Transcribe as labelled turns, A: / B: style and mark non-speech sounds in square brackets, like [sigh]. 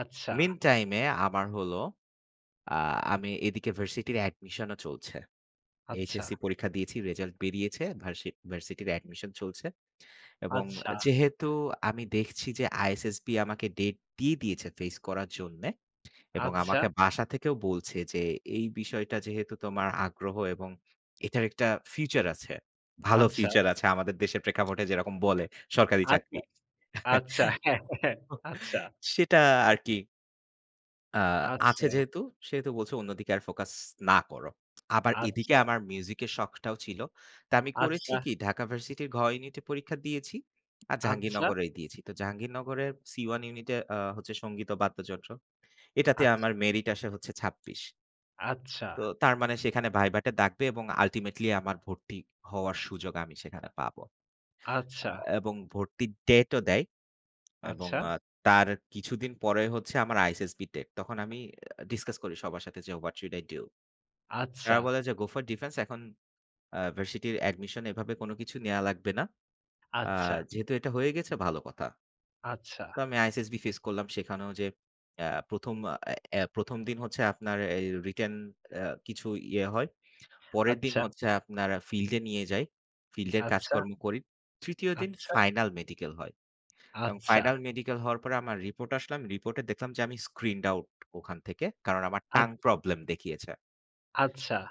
A: আচ্ছা।
B: Meantime-এ আমার হলো, আ আমি এদিকে ভার্সিটির admission -ও চলছে।
A: আচ্ছা।
B: HSC পরীক্ষা দিয়েছি, result বেরিয়েছে। ভার্সি ভার্সিটির admission চলছে। এবং
A: আচ্ছা।
B: যেহেতু আমি দেখছি যে, ISSB আমাকে date দিয়ে দিয়েছে face করার জন্যে। এবং
A: আচ্ছা।
B: আমাকে বাসা থেকেও বলছে যে, এই বিষয়টা যেহেতু তোমার আগ্রহ, এবং এটার একটা future আছে, ভালো
A: আচ্ছা।
B: future আছে, আমাদের দেশের প্রেক্ষাপটে যেরকম বলে সরকারি
A: আচ্ছা,
B: চাকরি।
A: আচ্ছা, হ্যাঁ,
B: [chuckles]
A: হ্যাঁ,
B: তো,
A: আচ্ছা।
B: সেটা আর কি। আ আছে
A: আচ্ছা।
B: যেহেতু সেহেতু বলছে অন্যদিকে আর focus না করো। আবার এদিকে
A: আচ্ছা।
B: আমার music-এর শখটাও ছিল। তা আমি করেছি
A: আচ্ছা।
B: কি? ঢাকা ভার্সিটির 'ঘ' ইউনিটে পরীক্ষা দিয়েছি আর
A: আচ্ছা।
B: জাহাঙ্গীরনগরে দিয়েছি। তো জাহাঙ্গীরনগরের 'সি-1' ইউনিটে আ হচ্ছে সংগীত ও বাদ্যযন্ত্র। এটাতে
A: আচ্ছা।
B: আমার merit আসে হচ্ছে ছাব্বিশ।
A: আচ্ছা।
B: তো তার মানে, সেখানে ভাইবাটা ডাকবে এবং ultimately আমার ভর্তি হওয়ার সুযোগ আমি সেখানে পাব। আ
A: আচ্ছা।
B: এবং ভর্তির date ও দেয়। এবং
A: আচ্ছা।
B: এ তার কিছুদিন পরে হচ্ছে আমার ISSB date। তখন আমি discuss করি সবার সাথে যে, 'what should I do?' এরা
A: আচ্ছা।
B: বলে যে, 'go for defense'। এখন আ ভার্সিটির admission এভাবে কোন কিছু নেয়া লাগবে না। আ
A: আচ্ছা।
B: যেহেতু এটা হয়ে গেছে, ভালো কথা।
A: আচ্ছা।
B: তো আমি ISSB face করলাম। সেখানেও যে আ ১ম আ এ ১ম দিন হচ্ছে আপনার এই written আ কিছু ইয়ে হয়। পরের দিন
A: আচ্ছা।
B: হচ্ছে আপনার field-এ নিয়ে যায়। field-এর
A: আচ্ছা।
B: কাজকর্ম করি। ৩য় দিন
A: আচ্ছা।
B: final medical হয়। এবং
A: আচ্ছা।
B: final medical হওয়ার পরে আমার report আসলো। আমি report এ দেখলাম যে, আমি screened out ওখান থেকে। কারণ, আমার
A: আ
B: tongue problem দেখিয়েছে।
A: আচ্ছা।